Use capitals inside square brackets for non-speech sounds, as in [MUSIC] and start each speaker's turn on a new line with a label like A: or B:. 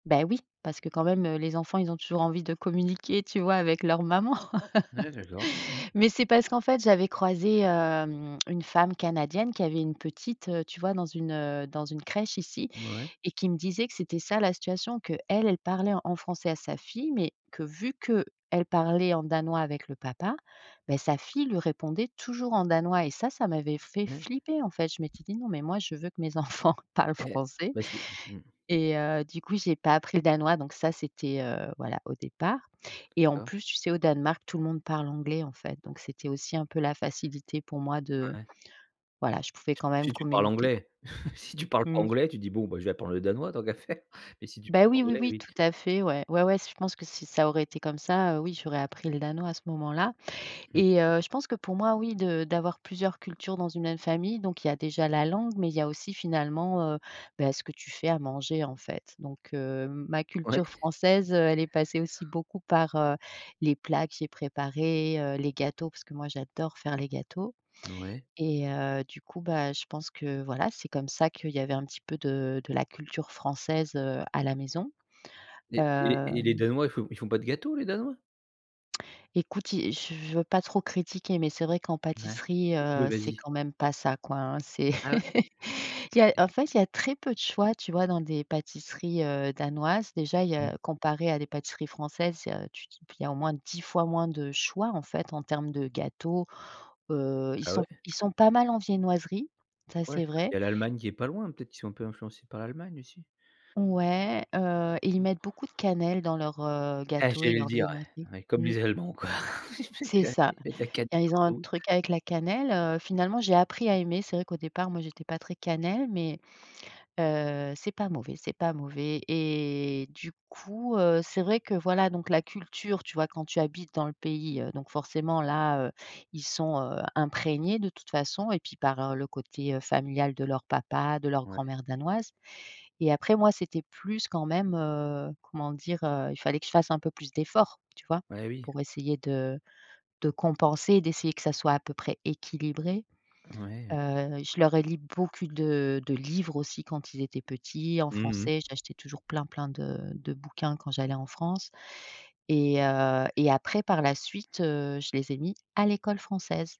A: Bah oui, parce que quand même, heu, les enfants ils ont toujours envie de communiquer tu vois, avec leur maman.
B: Ah d'accord. Mmh.
A: [LAUGHS] Mais c'est parce qu'en fait, j'avais croisé, hem, une femme canadienne qui avait une petite, tu vois dans une, heu, une crèche ici
B: Mouais.
A: et qui me disait que c'était ça la situation. Qu'elle, elle parlait en français à sa fille mais, que vu qu'elle parlait en danois avec le papa, bah sa fille lui répondait toujours en danois et ça ça m'avait fait
B: Ouais.
A: flipper en fait. Je m'étais dit: «Non mais moi, je veux que mes enfants parlent
B: Heu,
A: français»
B: bah si mmh.
A: et heu, du coup j'ai pas appris le danois donc ça c'était, heu, voilà au départ. Et en
B: La
A: plus, tu sais au Danemark, tout le monde parle anglais en fait, donc c'était aussi un peu la facilité pour moi
B: Ah
A: de
B: ouais.
A: voilà je pouvais quand même
B: Si tu parles
A: communiquer.
B: anglais. [CHUCKLES] Si tu parles pas
A: Mmh.
B: anglais, tu dis: «Bon bah, je vais apprendre le danois tant qu'à faire» mais si tu
A: Bah,
B: parles
A: oui, oui,
B: anglais,
A: oui
B: oui.
A: tout à fait. Ouais, ouais, ouais, je pense que si ça aurait été comme ça, heu, oui j'aurais appris le danois à ce moment-là
B: Mmh.
A: et heu, je pense que pour moi oui de d'avoir plusieurs cultures dans une même famille, donc il y a déjà la langue, mais il y a aussi finalement, heu, bah ce que tu fais à manger en fait. Donc heu, ma
B: Ouais.
A: culture française, heu, elle est passée aussi beaucoup par, heu, les plats que j'ai préparés, heu, les gâteaux, parce que moi j'adore faire les gâteaux
B: N ouais.
A: et heu, du coup, bah je pense que, voilà, c'est comme ça qu'il y avait un petit peu de de la culture française, heu, à la maison.
B: Et et et les
A: Hem
B: Danois ils font ils font pas de gâteau, les Danois?
A: Écoute i je je veux pas trop critiquer, mais c'est vrai qu'en
B: Ouais,
A: pâtisserie,
B: tu peux,
A: heu, c'est
B: vas-y.
A: quand même pas ça, quoi, hein. C'est
B: Ah ouais?
A: [LAUGHS] il y a en fait, il y a très peu de choix, tu vois dans des pâtisseries, heu, danoises. Déjà, il y
B: Mmh.
A: a comparé à des pâtisseries françaises, tu dis p il y au moins 10 fois moins de choix en fait, en termes de gâteaux. Heu, ils
B: Ah
A: sont
B: ouais?
A: ils sont pas mal en viennoiserie, ça
B: Ouais,
A: c'est
B: c'est parce qu'il
A: vrai.
B: y a l'Allemagne qui est pas loin? Peut-être qu'ils sont un peu influencés par l'Allemagne aussi?
A: Ouais, heu et ils mettent beaucoup de cannelle dans leurs, heu,
B: Ah
A: gâteaux et
B: j'allais le
A: leurs
B: dire ouais.
A: viennoiseries.
B: Oui comme
A: Mmh.
B: les Allemands quoi. [LAUGHS]
A: C'est
B: Q
A: ça.
B: ils mettent de la cannelle
A: Dire ils ont un
B: partout.
A: truc avec la cannelle, heu, finalement j'ai appris à aimer. C'est vrai qu'au départ moi je n'étais pas très cannelle, mais, heu, c'est pas mauvais, c'est pas mauvais et du coup, heu, c'est vrai que, voilà, donc la culture, tu vois quand tu habites dans le pays, heu, donc forcément, là, heu, ils sont, heu, imprégnés de toute façon et puis par le côté familial de leur papa, de leur
B: Ouais.
A: grand-mère danoise et après moi, c'était plus quand même, heu, comment dire, heu, il fallait que je fasse un peu plus d'efforts, tu vois?
B: Bah oui.
A: Pour essayer de de compenser et d'essayer que ça soit à peu près équilibré.
B: Ouais.
A: Heu, je leur ai lu beaucoup de de livres aussi quand ils étaient petits, en
B: Mmh
A: français.
B: mh.
A: J'achetais toujours plein, plein de de bouquins quand j'allais en France et heu et après par la suite, heu, je les ai mis à l'école française.